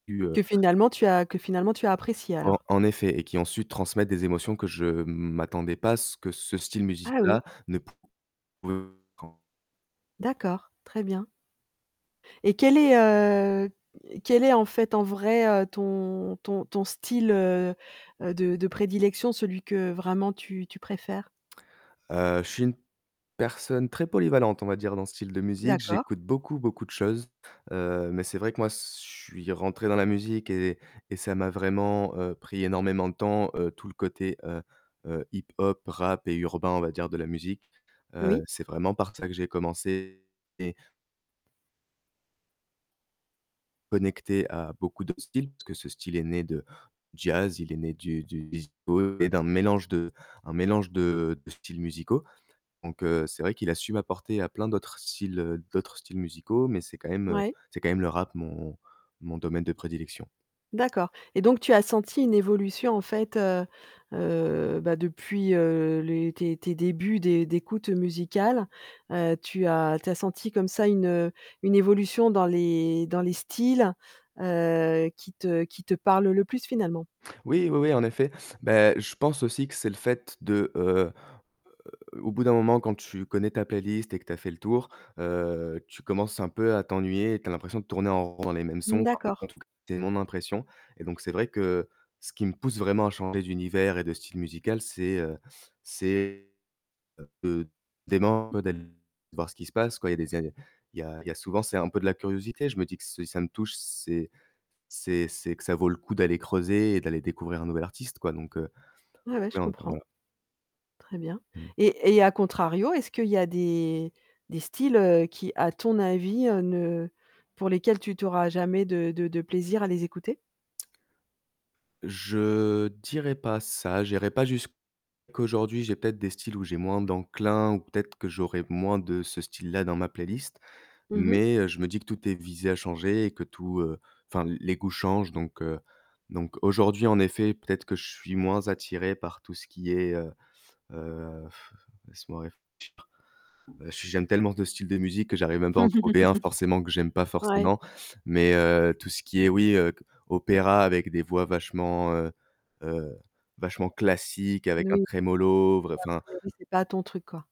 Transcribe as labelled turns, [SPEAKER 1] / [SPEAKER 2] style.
[SPEAKER 1] Du, heu
[SPEAKER 2] Que finalement, tu as que finalement, tu as apprécié,
[SPEAKER 1] En
[SPEAKER 2] alors.
[SPEAKER 1] en effet, et qui, ensuite, transmettent des émotions que je m'attendais pas à ce que ce style
[SPEAKER 2] Ah,
[SPEAKER 1] musique-là
[SPEAKER 2] oui.
[SPEAKER 1] ne pouv [unintelligible]
[SPEAKER 2] D'accord, très bien. Et quel est, heu, quel est, en fait, en vrai, heu, ton ton ton style, heu heu, de de prédilection, celui que, vraiment, tu tu préfères?
[SPEAKER 1] Heu, je suis personne très polyvalente on va dire dans ce style de musique.
[SPEAKER 2] D'accord.
[SPEAKER 1] J'écoute beaucoup, beaucoup de choses, heu, mais c'est vrai que moi, s je suis rentré dans la musique et et ça m'a vraiment, heu, pris énormément de temps, heu, tout le côté, heu heu, hip-hop, rap et urbain, on va dire, de la musique. Heu,
[SPEAKER 2] Oui.
[SPEAKER 1] c'est vraiment par ça que j'ai commencé et connecté à beaucoup de styles, parce que ce style est né de jazz, il est né du du disco et d'un mélange de un mélange de de styles musicaux, donc heu, c'est vrai qu'il a su m'apporter, à plein d'autres styles, heu, d'autres styles musicaux, mais c'est quand même, heu,
[SPEAKER 2] Ouais.
[SPEAKER 1] c'est quand même le rap mon mon domaine de prédilection.
[SPEAKER 2] D'accord, et donc tu as senti une évolution, en fait, heu heu, bah, depuis, heu, les tes tes débuts d'é d'écoute musicale, heu, tu as tu as senti, comme ça, une, heu, une évolution dans les dans les styles, heu, qui te qui te parlent le plus, finalement?
[SPEAKER 1] Oui, oui, oui, en effet. Bah je pense aussi que c'est le fait de, heu heu, au bout d'un moment quand tu connais ta playlist et que tu as fait le tour, heu, tu commences un peu à t'ennuyer et tu as l'impression de tourner en rond dans les mêmes
[SPEAKER 2] Mmh,
[SPEAKER 1] sons, enfin, en
[SPEAKER 2] d'accord.
[SPEAKER 1] tout cas, c'est mon impression, et donc c'est vrai que, ce qui me pousse vraiment à changer d'univers et de style musical, c'est, heu, c'est de [unintelligible] d'aller voir ce qui se passe, quoi, il y a des a il y a il y a souvent c'est un peu de la curiosité, je me dis que si ça me touche, c'est c'est c'est que ça vaut le coup d'aller creuser et d'aller découvrir un nouvel artiste, quoi donc heu,
[SPEAKER 2] Ouais, ouais, je
[SPEAKER 1] [unintelligible] voilà.
[SPEAKER 2] comprends. Très bien,
[SPEAKER 1] Mmh.
[SPEAKER 2] et- et à contrario, est-ce qu'il y a des des styles, heu, qui, à ton avis, heu, ne pour lesquels tu tu auras jamais de de de plaisir à les écouter?
[SPEAKER 1] Je dirais pas ça, j'irais pas jusqu aujourd'hui, j'ai peut-être des styles où j'ai moins d'enclin, ou peut-être que j'aurais moins de ce style-là dans ma playlist,
[SPEAKER 2] Mmh mh.
[SPEAKER 1] mais heu, je me dis que tout est visé à changer, et que tout, heu enfin, l les goûts changent, donc heu, donc aujourd'hui, en effet, peut-être que je suis moins attiré par tout ce qui est, heu heu, laisse-moi réfléchir, heu, j j'aime tellement de styles de musique que j'arrive même pas à en trouver un forcément que j'aime pas
[SPEAKER 2] Ouais.
[SPEAKER 1] forcément, mais heu, tout ce qui est oui, heu, c opéra avec des voix vachement, heu heu, vachement classique
[SPEAKER 2] N
[SPEAKER 1] avec un
[SPEAKER 2] oui. A
[SPEAKER 1] tremolo, vr enfin.
[SPEAKER 2] priori, c'est pas ton truc, quoi.